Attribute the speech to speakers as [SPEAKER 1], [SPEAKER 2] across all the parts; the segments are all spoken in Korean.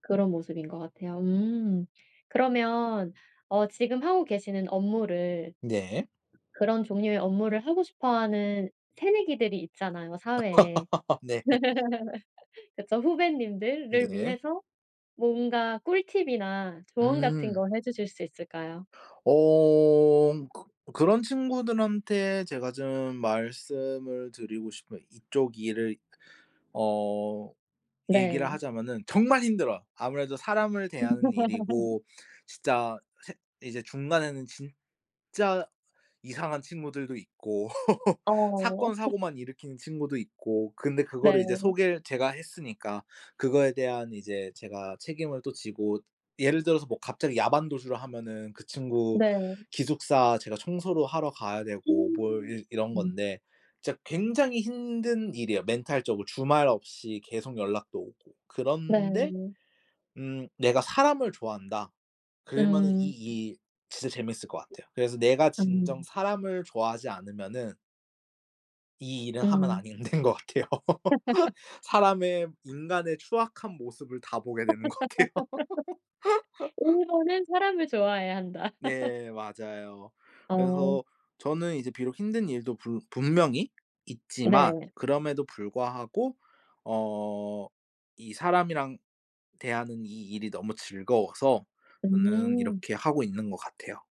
[SPEAKER 1] 그런 모습인 것 같아요. 음 그러면 어 지금 하고 계시는 업무를
[SPEAKER 2] 네.
[SPEAKER 1] 그런 종류의 업무를 하고 싶어 하는 새내기들이 있잖아요, 사회에.
[SPEAKER 2] 네.
[SPEAKER 1] 그쵸 후배님들을
[SPEAKER 2] 네.
[SPEAKER 1] 위해서 뭔가 꿀팁이나 조언 같은
[SPEAKER 2] 음.
[SPEAKER 1] 거 해주실 수 있을까요?
[SPEAKER 2] 어. 그 그런 친구들한테 제가 좀 말씀을 드리고 싶은 이쪽 일을 어 얘기를
[SPEAKER 1] 네.
[SPEAKER 2] 하자면은 정말 힘들어요. 아무래도 사람을 대하는 일이고 진짜 세 이제 중간에는 진짜 이상한 친구들도 있고,
[SPEAKER 1] 어.
[SPEAKER 2] 사건 사고만 일으키는 친구도 있고, 근데 그거를 이제
[SPEAKER 1] 네.
[SPEAKER 2] 소개를 제가 했으니까 그거에 대한 이제 제가 책임을 또 지고. 예를 들어서 뭐 갑자기 야반도주를 하면은 그 친구
[SPEAKER 1] 네.
[SPEAKER 2] 기숙사 제가 청소도 하러 가야 되고 뭘
[SPEAKER 1] 음.
[SPEAKER 2] 이 이런
[SPEAKER 1] 음.
[SPEAKER 2] 건데, 진짜 굉장히 힘든 일이에요, 멘탈적으로. 주말 없이 계속 연락도 오고. 그런데
[SPEAKER 1] 네.
[SPEAKER 2] 음 "내가 사람을 좋아한다." 그러면은
[SPEAKER 1] 음.
[SPEAKER 2] 이 일 진짜 재밌을 거 같아요. 그래서 내가 진정
[SPEAKER 1] 음.
[SPEAKER 2] 사람을 좋아하지 않으면은 이 일은 하면
[SPEAKER 1] 음.
[SPEAKER 2] 아닌 된 거 같아요. 사람의 인간의 추악한 모습을 다 보게 되는 거 같아요.
[SPEAKER 1] "1 번은 사람을 좋아해야 한다."
[SPEAKER 2] 네, 맞아요.
[SPEAKER 1] 어.
[SPEAKER 2] 그래서 저는 이제 비록 힘든 일도 불 분명히 있지만,
[SPEAKER 1] 네.
[SPEAKER 2] 그럼에도 불구하고 어 이 사람이랑 대하는 이 일이 너무 즐거워서 저는
[SPEAKER 1] 음.
[SPEAKER 2] 이렇게 하고 있는 거 같아요.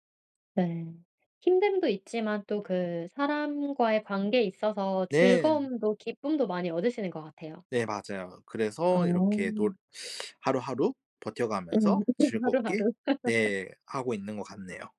[SPEAKER 1] 네. 힘듦도 있지만 또 그 사람과의 관계에 있어서
[SPEAKER 2] 네.
[SPEAKER 1] 즐거움도 기쁨도 많이 얻으시는 것 같아요.
[SPEAKER 2] 네 맞아요.
[SPEAKER 1] 아.
[SPEAKER 2] 그래서 이렇게 놀 하루하루
[SPEAKER 1] 음
[SPEAKER 2] 버텨가면서
[SPEAKER 1] [unintelligible]
[SPEAKER 2] 즐겁게
[SPEAKER 1] 하루하루.
[SPEAKER 2] 네, 하고 있는 거 같네요.